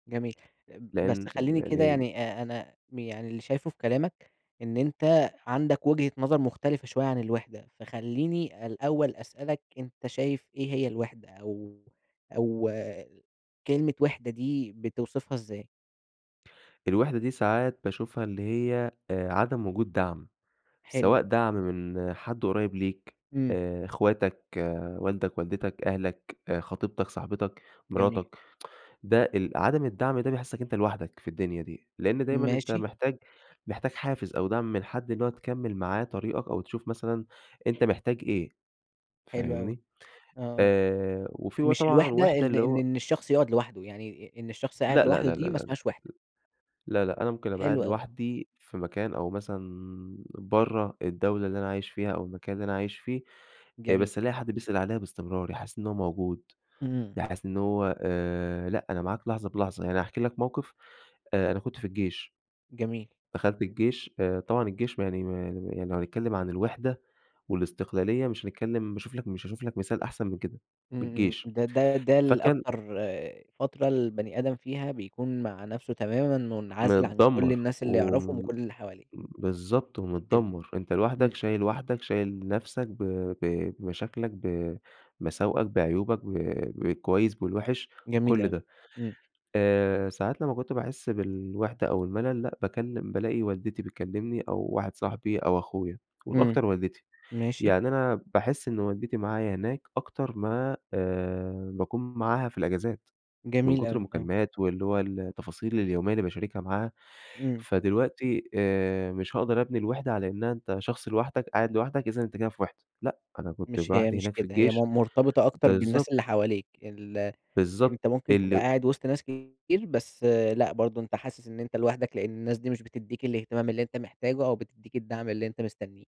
جميل، بس لأن خليني كده يعني ال يعني آآ، أنا يعني اللي شايفه في كلامك إن أنت عندك وجهة نظر مختلفة شوية عن الوِحدة، فخليني الأول أسألك، أنت شايف إيه هي الوِحدة أو أو كلمة وِحدة دي بتوصفها إزاي؟ الوِحدة دي ساعات باشوفها اللي هي، آآ، عدم وجود دعم، سواء حلو. دعم من حد قريب ليك إمم. آآ، أخواتك، والدك، والدتك، أهلك، خطيبتك، صاحبتك، جميل. مراتك، ده ال عدم الدعم ده بيحسك إن أنت لوحدك في الدنيا دي، لأن دايمًا أنت ماشي. محتاج محتاج حافز أو دعم من حد إن هو تكمّل معاه طريقك أو تشوف مثلًا أنت محتاج إيه، حلو أوي، فاهمني؟ آه، آآ، وفي بقى مش طبعًا الوِحدة وِحدة إن اللي إن هو إن الشخص يقعد لوحده، يعني إ إن الشخص لا، قاعد لا، لوحده، لا، لا، لا، دي ما لا، اسمهاش وِحدة. لا، لا، أنا ممكن أبقى قاعد حلو أوي. لوحدي في مكان أو مثلًا برّه الدولة اللي أنا عايش فيها أو المكان اللي أنا عايش فيه، آآ، جميل. بس ألاقي حد بيسأل عليا بإستمرار، يحسسني إن هو موجود، إمم. يحسسني إن هو آآ، لأ، أنا معاك لحظة بلحظة، يعني هاحكي لك موقف آآ، أنا كنت في الجيش. جميل. دخلت الجيش، آآ، طبعًا الجيش ما يعني ما يعني يعني لو هنتكلم عن الوحدة والاستقلالية مش هنتكلم باشوف لك مش هاشوف لك مثال أحسن من كده، من إمم، إمم، الجيش ده ده ده ال فكان أكتر فترة البني آدم فيها بيكون مع نفسه تمامًا مُنعزل عن كل متدمر، الناس اللي و يعرفهم وكل اللي حواليه. بالضبط، حلو، ومتدمر، أنت لوحدك، إمم. شايل وحدك، شايل نفسك ب ب بمشاكلك بمساوئك بعيوبك ب بالكويس بالوحش جميل بكل اوي، ده إمم. آآ، ساعات لما كنت باحس بالوحدة أو الملل لأ، باتكلم بالاقي والدتي بتكلمني أو واحد صاحبي أو أخويا، إمم، والأكتر والدتي، ماشي. يعني أنا باحس إن والدتي معايا هناك أكتر ما، آآ، باكون معاها في الإجازات من جميل كتر أوي، إمم. المكالمات واللي هو التفاصيل اليومية اللي باشاركها معاها. إمم. فدلوقتي آآ، مش هاقدر أبني الوحدة على إنها أنت شخص لوحدك قاعد لوحدك، إذًا أنت كده في وحدة، لأ، أنا كنت مش هي لوحدي مش هناك في كده، هي الجيش مرتبطة أكتر بالناس بالضبط. اللي حواليك، ال بالضبط أنت ممكن تبقى اللي قاعد وسط ناس كتير بس، لأ، برضه أنت حاسس إن أنت لوحدك، لأن الناس دي مش بتديك الإهتمام اللي أنت محتاجه أو بتديك الدعم اللي أنت مستنيه.